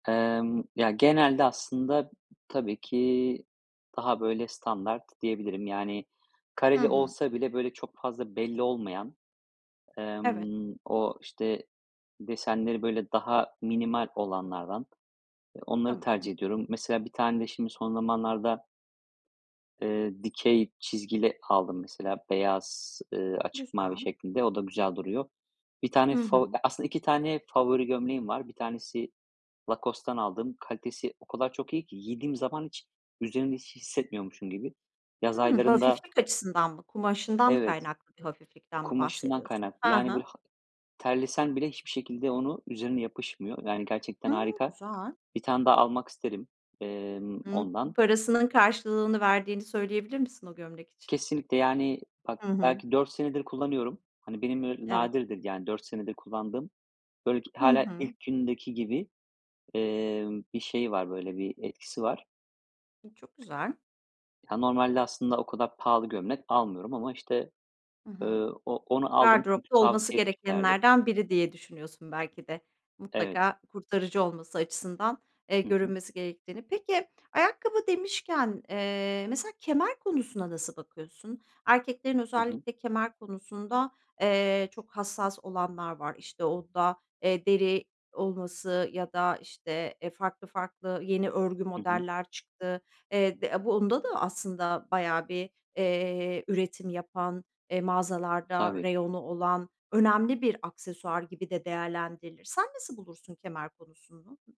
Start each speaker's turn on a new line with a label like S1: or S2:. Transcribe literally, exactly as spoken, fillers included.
S1: Emm, ya genelde aslında, tabii ki daha böyle standart diyebilirim. Yani,
S2: Hı
S1: kareli
S2: hı.
S1: olsa bile böyle çok fazla belli olmayan,
S2: Evet.
S1: emm, o işte, desenleri böyle daha minimal olanlardan, onları
S2: Tamam.
S1: tercih ediyorum. Mesela bir tane de şimdi son zamanlarda eee dikey çizgili aldım mesela beyaz, eee, açık mavi
S2: Güzel.
S1: şeklinde o da güzel duruyor. Bir tane
S2: Hı
S1: favo
S2: hı.
S1: aslında iki tane favori gömleğim var. Bir tanesi Lacoste'tan aldım. Kalitesi o kadar çok iyi ki, giydiğim zaman hiç üzerimde hiç hissetmiyormuşum gibi. Yaz
S2: Hımm,
S1: aylarında
S2: hafiflik açısından mı, kumaşından mı
S1: Evet,
S2: kaynaklı hafiflikten mi
S1: kumaşından
S2: bahsediyorsun?
S1: kaynaklı,
S2: Hı
S1: yani,
S2: hı.
S1: böyle ha terlesen bile hiçbir şekilde onu, üzerine yapışmıyor. Yani, gerçekten
S2: Hımm,
S1: harika.
S2: güzel.
S1: Bir tane daha almak isterim, emm,
S2: Hımm,
S1: ondan.
S2: parasının karşılığını verdiğini söyleyebilir misin o gömlek için?
S1: Kesinlikle, yani, bak
S2: Hı hı.
S1: belki dört senedir kullanıyorum. Hani benim
S2: Evet.
S1: nadirdir yani dört senedir kullandığım, böyle
S2: Hı
S1: hâlâ
S2: hı.
S1: ilk gündeki gibi, emm, bir şey var böyle bir etkisi var.
S2: E, çok güzel.
S1: Ya, normalde aslında o kadar pahalı gömlek almıyorum ama işte,
S2: Hı
S1: eee,
S2: hı.
S1: o onu aldım,
S2: Gardıropta olması
S1: tavsiye etmişlerdi.
S2: gerekenlerden biri diye düşünüyorsun belki de.
S1: Evet.
S2: Mutlaka kurtarıcı olması açısından, eee,
S1: Hı hı.
S2: görünmesi gerektiğini Peki ayakkabı demişken, eee, mesela kemer konusuna nasıl bakıyorsun? Erkeklerin
S1: Hı hı.
S2: özellikle kemer konusunda, eee, çok hassas olanlar var işte, onda deri olması ya da işte, eee, farklı farklı yeni örgü
S1: Hı hı.
S2: modeller çıktı. Eee, de bunda da aslında bayağı bir, eee, üretim yapan, eee, mağazalarda
S1: Tabii.
S2: reyonu olan, önemli bir aksesuar gibi de değerlendirilir. Sen nasıl bulursun kemer konusunu?